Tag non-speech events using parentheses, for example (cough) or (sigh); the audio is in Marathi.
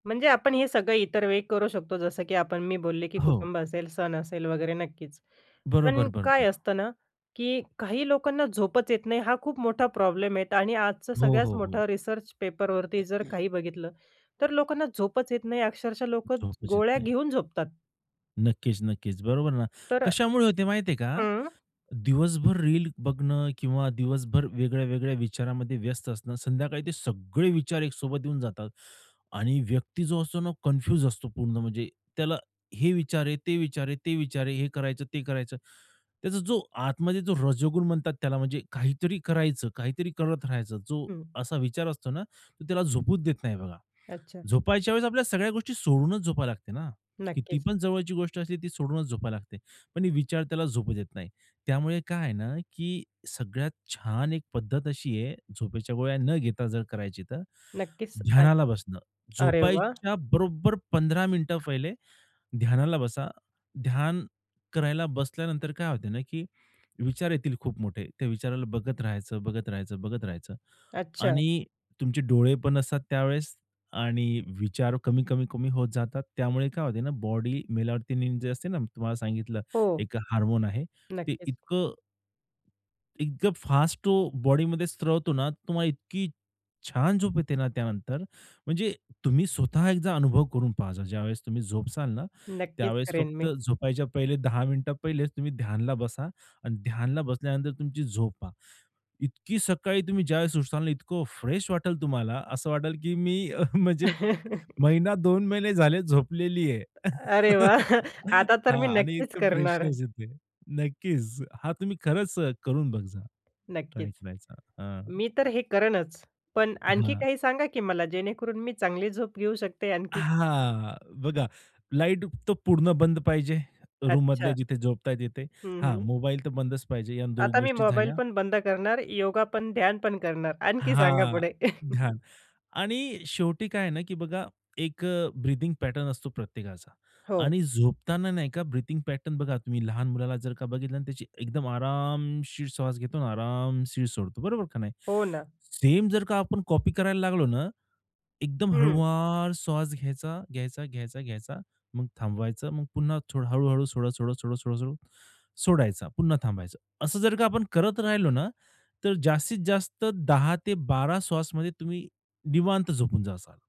म्हणजे आपण हे सगळं इतर वेळी करू शकतो जसं की आपण मी बोलले, की हो. कुटुंब असेल, सण असेल वगैरे नक्कीच. बरोबर, पण काय बरोबर. असतं ना, की काही लोकांना झोपच येत नाही हा खूप मोठा प्रॉब्लेम आहेत आणि आजचं हो, सगळ्यात हो, हो. मोठा रिसर्च पेपरवरती जर काही बघितलं तर लोकांना झोपच येत नाही, अक्षरशः लोकं झोपच येत गोळ्या नाही. घेऊन झोपतात. नक्कीच, नक्कीच. बरोबर ना. तर कशामुळे होते माहिती आहे का? हं. दिवसभर रील बघणं किंवा दिवसभर वेगळ्या वेगळ्या विचारामध्ये व्यस्त असणं संध्याकाळी ते सगळे विचार एक सोबत येऊन जातात आणि व्यक्ती जो असतो ना कन्फ्युज असतो पूर्ण म्हणजे, त्याला हे विचार आहे, ते विचार आहे, ते विचार आहे हे करायचं, ते करायचं. त्याचा जो आतमध्ये जो रजोगुण म्हणतात त्याला म्हणजे काहीतरी करायचं, काहीतरी करत राहायचं जो हं. असा विचार असतो ना तो त्याला झोपूच देत नाही बघा. अच्छा. झोपायच्या वेळेस आपल्या सगळ्या गोष्टी सोडूनच झोपायला लागते ना, नक्कीच. कीतीपण जवळची गोष्ट असली ती सोडूनच झोपायला लागते. पण विचार त्याला झोपू देत नाही. त्यामुळे काय आहे ना, की सगळ्यात छान एक पद्धत अशी आहे झोपेच्या गोळ्या न घेता जर करायची, तर नक्कीच ऐ ध्यानाला बसणं अरे वाह! झोपायच्या बरोबर 15 मिनिटं पहिले ध्यानाला बसा, ध्यान करायला बसल्यानंतर काय होत ना, की विचार येतील खूप मोठे त्या विचाराला बघत राहायचं, बघत राहायचं, बघत राहायचं. अच्छा. आणि तुमचे डोळे पण असतात त्यावेळेस आणि विचार कमी-कमी-कमी होत जातात त्यामुळे काय होते ना, की बॉडी मेलाटोनिन जे असते ना मी तुम्हाला सांगितलं हो. एक हार्मोन आहे ते नक्कीच. इतकं इतकं फास्ट तो बॉडी मध्ये स्त्रवतो ना तुम्हाला इतकी छान झोप येते ना त्यानंतर म्हणजे तुम्ही स्वतः एकदा अनुभव करून पहा ज्यावेळेस तुम्ही झोपसाल ना नक्कीच त्यावेळेस करेन फक्त मी. झोपायच्या पहिले 10 मिनिट पहिले तुम्ही ध्यानला बसा आणि ध्यानला बसल्यानंतर तुमची झोपा. इतकी सकाळी तुम्ही ज्यावेळेस उठताल ना इतकं फ्रेश वाटेल तुम्हाला असं वाटेल, की मी अ, म्हणजे (chuckles) महिना दोन महिने झाले झोपलेली आहे. अरे (chuckles) वाह! आता तर हां मी आणि नक्कीच इतकं करणार आहे. फ्रेशनेस येते. नक्कीच हा तुम्ही खरंच करून बघ जा ट्राय नक्कीच. करायचा. मी तर हे करेनच पण आणखी हां. काही सांगा की मला, जेणेकरून मी चांगली झोप घेऊ शकते आणखीन. हां. बघा लाईट तर पूर्ण बंद पाहिजे. अच्छा. रूममधल्या जिथे झोपताय तिथे. हं, हां हं. मोबाईल तर बंदच पाहिजे या 2 आता मी गोष्टी मोबाईल झाल्या. पण बंद करणार, योगा पण, ध्यान पण करणार आणखी सांगा हां. पुढे. (chuckles) ध्यान आणि शेवटी काय आहे ना, की बघा एक ब्रीथिंग पॅटर्न असतो प्रत्येकाचा हो. आणि झोपताना नाही का ब्रीथिंग पॅटर्न बघा तुम्ही लहान मुलाला जर का बघितलं आणि त्याची एकदम आरामशीर श्वास घेतो आणि आरामशीर सोडतो, बरोबर का नाही? हो ना. सेम जर का आपण कॉपी करायला लागलो ना एकदम हं. हळुवार स्वास घ्यायचा, घ्यायचा, घ्यायचा, घ्यायचा मग थांबवायचं, मग पुन्हा हळू-हळू सोडा, सोडा, सोडा, सोडा, सोडा सोडायचा. पुन्हा थांबायचं. असं जर का आपण करत राहिलो ना, तर जास्तीत जास्त 10-12 श्वासमध्ये तुम्ही निवांत झोपून जाताल